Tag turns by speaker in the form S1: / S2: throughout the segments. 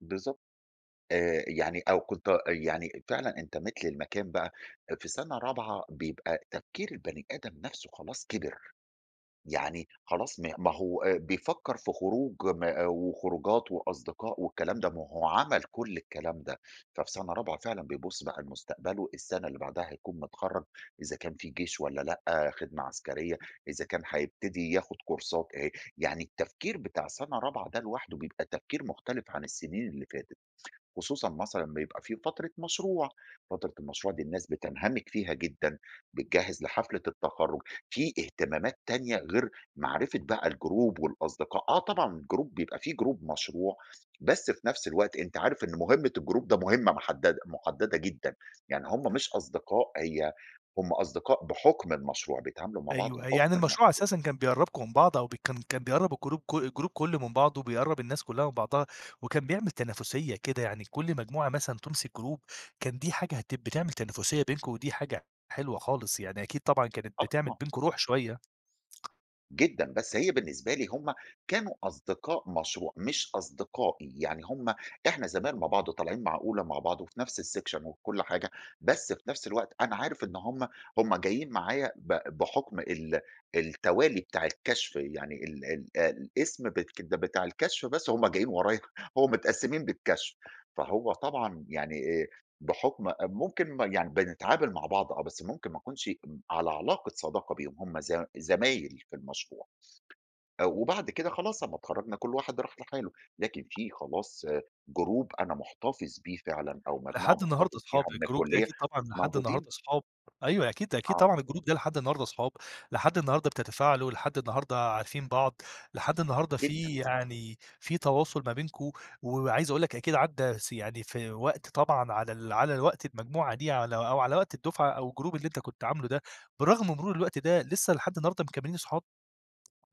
S1: بالضبط. آآ، يعني أو كنت أ يعني فعلًا انتمَيت للمكان بقى في سنة رابعة، بيبقى تفكير البني آدم نفسه خلاص كِبر. يعني خلاص ما ما هو آآ بيفكِّر في خروج م آآ وخروجات وأصدقاء والكلام ده، ما هو عمل كل الكلام ده. ففي سنة رابعة فعلًا بيبُص بقى لمستقبله، السنة اللي بعدها هيكون متخرِّج، إذا كان في جيش والّا لأ، خدمة عسكرية، إذا كان هيبتدي ياخُد كورسات، آآ، يعني التفكير بتاع سنة رابعة ده لوحده بيبقى تفكير مختلف عن السنين اللي فاتت. خصوصًا مثلًا أمّا يبقى في فترة مشروع، فترة المشروع دي الناس بتنهمِك فيها جدًا، بتجهِّز لحفلة التخرج، في اهتمامات تانية غير معرفة بقى الجروب والأصدقاء. آه طبعًا الجروب بيبقى في جروب مشروع، بس في نفس الوقت أنتَ عارف إن مُهمة الجروب ده مُهمة محدَدة محدَّدة جدًا، يعني هُم مش أصدقاء، هي هُم أصدقاء بحُكم المشروع، بيتعاملوا مع بعض
S2: أيوه، يعني
S1: بحُكم
S2: المشروع
S1: المشروع.
S2: أساسًا كان بيقرِّبكم من بعض، أو ب كان كان بيقرِّب الجروب كُ الجروب كلّه من بعض، وبيقرِّب الناس كلها من بعضها، وكان بيعمل تنافسية كده، يعني كل مجموعة مثلًا تمسك جروب، كان دي حاجة هت بتعمل تنافسية بينكُم، ودي حاجة حلوة خالص، يعني أكيد طبعًا كانت
S1: آه،
S2: بتعمل
S1: طبعًا.
S2: بينكم روح شوية.
S1: جدًا. بس هي بالنسبة لي هُم كانوا أصدقاء مشروع، مش أصدقائي، يعني هُم إحنا زمايل مع بعض وطالعين مع أولى مع بعض وفي نفس السِكشَن وكل حاجة، بس في نفس الوقت أنا عارف إن هُم هُم جايين معايا ب بحُكم ال التوالي بتاع الكشف، يعني ال ال الاسم بتك بتاع الكشف بس، هُم جايين ورايا، هُم متقسِّمين بالكشف، فهو طبعًا يعني آآ، بحُكم أ ممكن يعني بنتعامل مع بعض، آه، بس ممكن ما أكونش على علاقة صداقة بيهُم، هُم زم زمايل في المشروع. أ وبعد كده خلاص أمّا اتخرَّجنا كل واحد راح لحاله، لكن في خلاص جروب أنا محتفِظ بيه فعلًا، أو مجموعة
S2: لحد النهارده
S1: محتفِظ
S2: أصحاب،
S1: بيها من
S2: الجروب دي
S1: الكُلِّية
S2: أكيد طبعًا، لحد
S1: موجودين.
S2: النهارده أصحاب. أيوه، أكيد، أكيد
S1: آه.
S2: طبعًا، الجروب ده لحد النهارده أصحاب، لحد النهارده بتتفاعلوا، لحد النهارده عارفين بعض، لحد النهارده
S1: جدًا.
S2: في يعني في تواصل ما بينكم. وعايز أقول لَك أكيد عدَّا س يعني في وقت طبعًا على ال على الوقت المجموعة دي على أو على وقت الدُّفعة أو الجروب اللي أنتَ كنت عامله ده، برغم مرور الوقت ده لسه لحد النهارده مكمِّلين أصحاب؟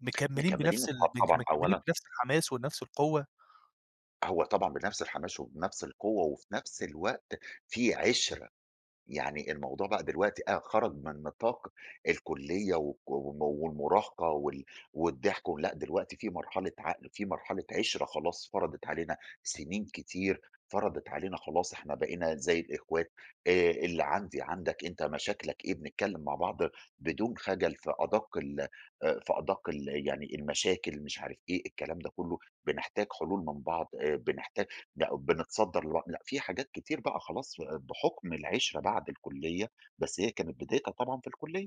S2: مكمِّلين
S1: مكمّلين
S2: بنفس ال
S1: أصحاب
S2: مك
S1: طبعًا،
S2: مكمِّلين
S1: أولًا
S2: بنفس الحماس ونفس القوة؟
S1: هو طبعًا بنفس الحماش وبنفس القوة وفي نفس الوقت في عِشرة، يعني الموضوع بقى دلوقتي أ خرج من نطاق الكُلِّية و و والمراهقة وال والضحك و لأ، دلوقتي في مرحلة عقل، في مرحلة عِشرة، خلاص فرضِت علينا سنين كتير، فرضِت علينا خلاص إحنا بقينا زي الإخوات. آآ، اللي عندي عندك أنتَ مشاكلك إيه؟ بنتكلَّم مع بعض بدون خجل في أدَقّ ال آآ في أدَقّ ال يعني المشاكل مش عارف إيه، الكلام ده كله بنحتاج حلول من بعض، آآ بنحتاج ن بنتصدَّر لبعض. لأ، في حاجات كتير بقى خلاص، بحُكم العِشرة بعد الكُلِّية، بس هي كانت بدايتها طبعًا في الكُلِّية.